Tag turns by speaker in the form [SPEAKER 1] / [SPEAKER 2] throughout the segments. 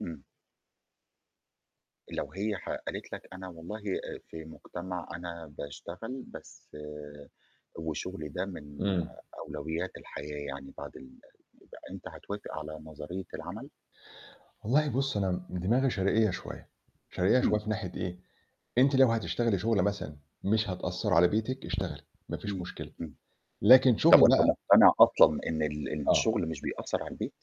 [SPEAKER 1] امم. لو هي ح قالت لك أنا والله آآ، في مجتمع أنا باشتغل بس وشُغلي ده من
[SPEAKER 2] امم.
[SPEAKER 1] أولويات الحياة يعني بعد ال يبقى أنت هتوافق على نظرية العمل؟
[SPEAKER 2] والله بُصّ، أنا دماغي شرقية شوية، شرقية شوية
[SPEAKER 1] امم.
[SPEAKER 2] في ناحية إيه؟ أنتِ لو هتشتغلي شغله مثلًا مش هتأثّر على بيتِك، اشتغلي، ما فيش
[SPEAKER 1] امم،
[SPEAKER 2] مشكلة،
[SPEAKER 1] امم.
[SPEAKER 2] لكن
[SPEAKER 1] طَب
[SPEAKER 2] شغله
[SPEAKER 1] وأنت
[SPEAKER 2] بقى
[SPEAKER 1] مقتنع أصلًا إن ال
[SPEAKER 2] آه.
[SPEAKER 1] الشغل مش بيأثّر عالبيت؟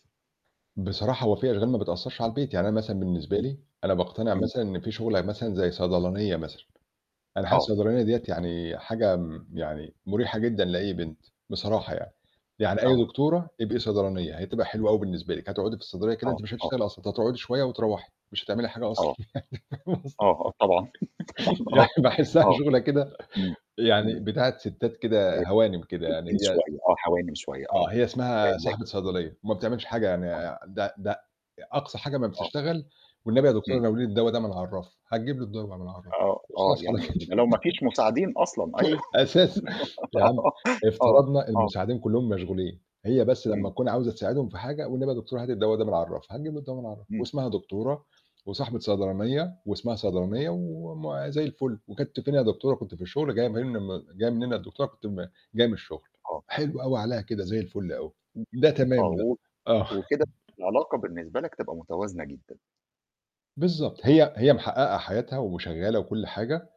[SPEAKER 2] بصراحة هو في أشغال ما بتأثّرش على البيت، يعني أنا مثلًا بالنسبة
[SPEAKER 1] امم،
[SPEAKER 2] لي أنا باقتنع
[SPEAKER 1] امم.
[SPEAKER 2] مثلًا إن في شغلة مثلًا زي صيدلانية مثلًا، أنا حاسس
[SPEAKER 1] آه.
[SPEAKER 2] الصيدلانية ديَّة يعني حاجة م يعني مريحة جدًا لأي بنت، بصراحة يعني، يعني أي
[SPEAKER 1] آه.
[SPEAKER 2] دكتورة تبقي صيدلانية، هتبقى حلوة أوي بالنسبة لِك، هتقعدي في الصيدلية كده
[SPEAKER 1] آه،
[SPEAKER 2] أنتِ مش
[SPEAKER 1] آه.
[SPEAKER 2] هتشتغلي أصلًا، أنتِ هتقعدي شوية وترَوَّحي، مش هتعملي حاجة
[SPEAKER 1] آه.
[SPEAKER 2] أصلًا.
[SPEAKER 1] آه، آه طبعًا، طبعًا
[SPEAKER 2] [unintelligible] يعني
[SPEAKER 1] آه
[SPEAKER 2] باحسها
[SPEAKER 1] آه،
[SPEAKER 2] شغلة كده
[SPEAKER 1] امم،
[SPEAKER 2] يعني
[SPEAKER 1] امم.
[SPEAKER 2] بتاعة ستّات
[SPEAKER 1] آآ،
[SPEAKER 2] كده هوانم كده يعني،
[SPEAKER 1] [unintelligible]
[SPEAKER 2] هي
[SPEAKER 1] شوية، آه هوانم شوية، آه.
[SPEAKER 2] آه، هي اسمها
[SPEAKER 1] لك
[SPEAKER 2] صاحبة صيدلية، وما بتعملش حاجة يعني
[SPEAKER 1] آه.
[SPEAKER 2] آآ، ده ده أقصى حاجة امّا
[SPEAKER 1] آه.
[SPEAKER 2] بتشتغل، والنبي يا دكتورة
[SPEAKER 1] امم.
[SPEAKER 2] ناوليني الدوا ده من عالرَّف، هتجيب له الدوا من عالرَّف
[SPEAKER 1] آه، آه
[SPEAKER 2] وخلاص على
[SPEAKER 1] يعني
[SPEAKER 2] كده.
[SPEAKER 1] ده لو ما فيش مساعدين أصلًا، أيوه.
[SPEAKER 2] أساس يا عم
[SPEAKER 1] آه،
[SPEAKER 2] افترضنا
[SPEAKER 1] آه.
[SPEAKER 2] المساعدين كلّهم مشغولين هي بس لمّا
[SPEAKER 1] امم.
[SPEAKER 2] تكون عاوزة تساعدهم في حاجة، والنبي يا دكتورة هاتي الدوا ده من على الرَّف هتجيب له الدوا من عالرَّف،
[SPEAKER 1] امم.
[SPEAKER 2] واسمها دكتورة، وصاحبة صيدلانية، واسمها صيدلانية وم زي الفل وكنتِ فين يا دكتورة؟ كنت في الشغل جاية منم جاية منين يا دكتورة كنت م جاية من الشغل،
[SPEAKER 1] آه.
[SPEAKER 2] حلو أوي عليها كده زي الفُل أوي، ده
[SPEAKER 1] آه
[SPEAKER 2] تمام ده.
[SPEAKER 1] و
[SPEAKER 2] آه.
[SPEAKER 1] وكده العلاقة بالنسبة لك تبقى متوازنة جدًا.
[SPEAKER 2] بالضبط، هي هي محقَّقة حياتها وشغالة وكُلّ حاجة،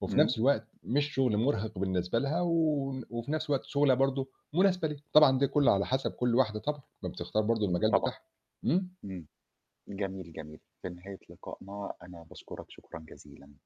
[SPEAKER 2] وفي
[SPEAKER 1] امم.
[SPEAKER 2] نفس الوقت مش شغل مُرهِق بالنسبة لها و وفي نفس الوقت شغلانه برضه مناسبة ليها، طبعًا دي كلّه على حَسَب كُلّ واحدة طبعًا، ما بتختار برضه
[SPEAKER 1] امم،
[SPEAKER 2] المجال
[SPEAKER 1] طبعًا.
[SPEAKER 2] بتاعها. امم.
[SPEAKER 1] امم جميل، جميل، في نهاية لقائنا أنا باشكرك شكرًا جزيلًا.